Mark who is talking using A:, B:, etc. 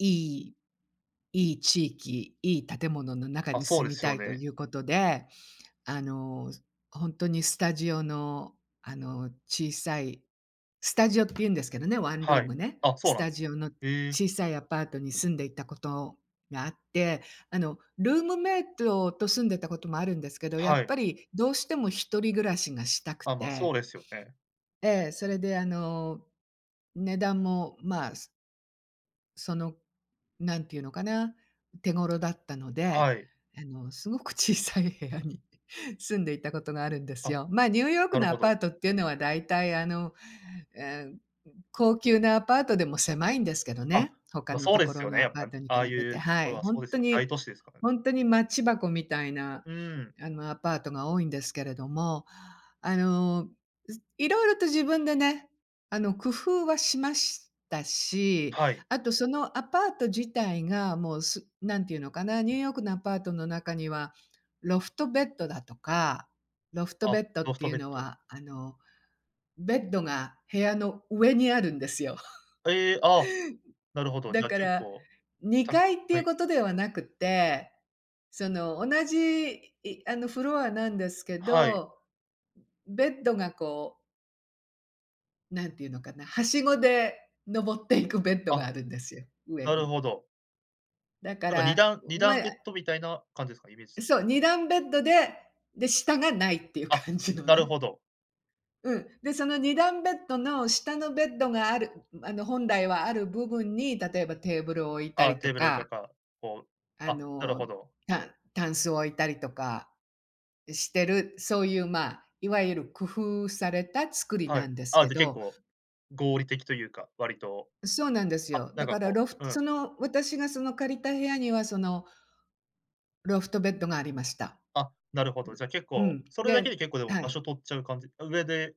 A: いいいい地域、いい建物の中
B: あ、
A: に
B: そう
A: 住
B: で
A: み
B: す
A: た
B: よ
A: いと
B: ね。
A: いうことで、あの、すほんとにスタジオの、あの、小さいスタジオって言うんですけどね、ワンル
B: は
A: ー
B: い。
A: ムね。
B: あ、そう
A: ス
B: なん
A: タ
B: です
A: ジオの
B: へえ。
A: 小さいアパートに住んでいたことがあって、あの、ルームメイトと住んでたこともあるんですけど、や
B: は
A: っ
B: い。
A: ぱりどうしても一人暮らしがしたく
B: あ、ま、そう
A: て
B: ですよね。
A: ええ、それであの、値段も、まあ、すその、なんていうのかな、手頃だったので、
B: はい。
A: あのすごく小さい部屋に住んでいたことがあるんです
B: あ、
A: よ。ま、ニューヨーク
B: なる
A: のア
B: ほ
A: パ
B: ど。
A: ートっていうのはだいたいあの、ええ、高級なアパートでも狭いんですけど
B: あ、
A: ね、他
B: ま、
A: の
B: そう
A: と
B: で
A: こ
B: す
A: ろ
B: よ
A: の
B: ね、
A: ア
B: やっ
A: パ
B: ぱ、
A: ー
B: ん、
A: トに
B: あ
A: 比
B: あい
A: べて、
B: うと
A: は
B: ころ
A: い、
B: は
A: ほ
B: そ
A: ん
B: うです
A: と
B: よ、
A: に、
B: 大都市ですから。
A: ほんとにマッチ箱みたいな、
B: うーん。
A: あの、アパートが多いんですけれども、あの、す色々と自分でね、あの、工夫はしましたし、
B: はい。
A: あとそのアパート自体がもうすなんて言うのかな、ニューヨークのアパートの中には、ロフトベッドだとかロフト
B: あ、
A: ベッドっ
B: ロフ
A: て
B: ト
A: いう
B: ベッ
A: の
B: ド。
A: はあのベッドが部屋の上にあるんですよ。
B: ええ、あ、なるほど、
A: だ
B: じゃあ
A: か
B: 結
A: ら、
B: 構、
A: に
B: た
A: かいってい
B: は
A: う
B: い。
A: ことではなくって、その、同じ、いあの、フロアなんですけ
B: はい。
A: ど、ベッドがこうなんて言うのかな、はしごで登っていくベッド
B: あ、
A: があるんですよ、上
B: なる
A: に。
B: ほど。
A: だか
B: なんか
A: ら、
B: にだんに
A: ん、
B: だ
A: ま、
B: ん
A: や
B: ベッドみたいな感じですか？イメージとし
A: そう、2段ベッドで、で、下がないっていう
B: あ、
A: 感じの
B: なる
A: ね。
B: ほど。
A: うん、で、その2段ベッドの下のベッドがあるんん、あの、本来はある部分に、例えばテーブルを置いた
B: あ、
A: りと
B: テーブルおいと
A: か
B: か、こう
A: あ
B: あ、なるほ
A: の、
B: ど。
A: た箪笥を置いたりとかしてる、そういう、ま、いわゆる工夫された作り
B: は
A: な
B: い。
A: んです
B: あ、
A: け
B: じゃあ結
A: ど
B: 構、合理的というか、割と、
A: そうなんです
B: は、
A: よ。
B: な
A: だ
B: んか
A: から
B: こ
A: ロフ
B: うう
A: ト
B: ん。
A: その、私がその借りた部屋にはそのロフトベッドがありました。
B: あ、なるほど、じゃ結
A: う
B: 構
A: ん、
B: それだけ
A: で
B: で結構でも
A: は
B: 場
A: い。
B: 所取っちゃう感じあ、上で